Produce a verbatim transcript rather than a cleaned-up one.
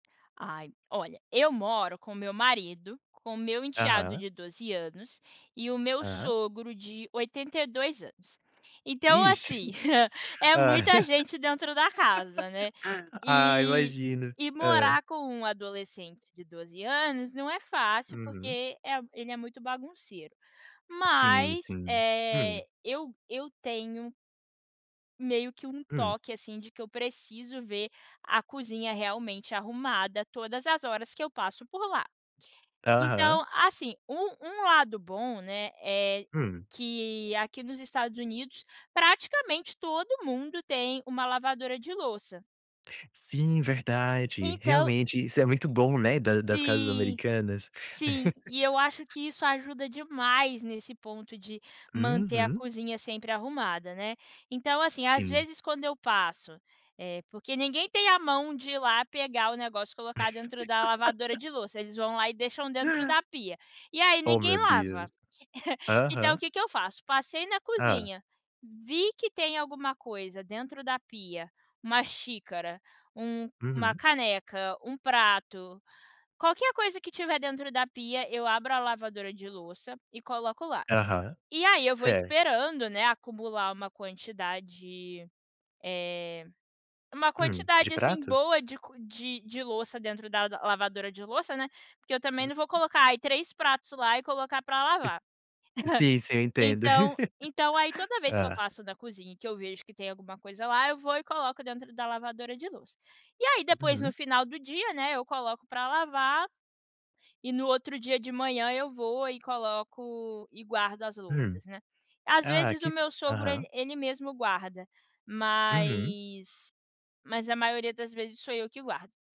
Ai, olha, eu moro com meu marido, com meu enteado Aham. de doze anos e o meu Aham. sogro de oitenta e dois anos. Então, Ixe! assim, é Ah. muita gente dentro da casa, né? Ah, E imagino. e Hã. morar com um adolescente de doze anos não é fácil, Uhum. porque, eh, ele é muito bagunceiro, Sim, mas, sim. Hum. eh, eu eu tenho meio que um Hum. toque, assim, de que eu preciso ver a cozinha realmente arrumada todas as horas que eu passo por lá. Aham. Então, assim, um um lado bom, né, é Hum. que aqui dos Estados Unidos, praticamente, todo mundo tem uma lavadora de louça. Sim, verdade. Então Realmente isso é muito bom, né, da das casas Sim, americanas. sim. E eu acho que isso ajuda demais nesse ponto de manter a Uhum. cozinha sempre arrumada, né? Então, assim, às Sim. vezes, quando eu passo, eh porque ninguém tem a mão de ir lá pegar o negócio e colocar dentro da lavadora de louça. Eles vão lá e deixam dentro da pia. E aí, Oh, ninguém meu lava. Deus. Então o Aham. que eu faço? Passei na Hã. cozinha, vi que tem alguma coisa dentro da pia: uma xícara, um uma Uhum. caneca, um prato, qualquer coisa que tiver dentro da pia, eu abro a lavadora de louça e coloco lá. Aham, E aí ,eu vou certo. esperando, né, acumular uma quantidade, eh, uma Hum, de quantidade assim prato? boa de co de de louça dentro da lavadora de louça, né, porque eu também não vou Hum. colocar, ai, três pratos lá e colocar para Is lavar. sim, sim, eu entendo.. Então então, aí toda vez que eu Hã. passo da cozinha que eu vejo que tem alguma coisa lá, eu vou e coloco dentro da lavadora de louça. E aí, depois, no Uhum. final do dia, né, eu coloco para lavar. E, no outro dia de manhã, eu vou e coloco e guardo as Hum, louças, né. Às ah, vezes, o que meu sogro aham. ele ele mesmo guarda, Uhum. mas mas a maioria das vezes sou eu que guardo.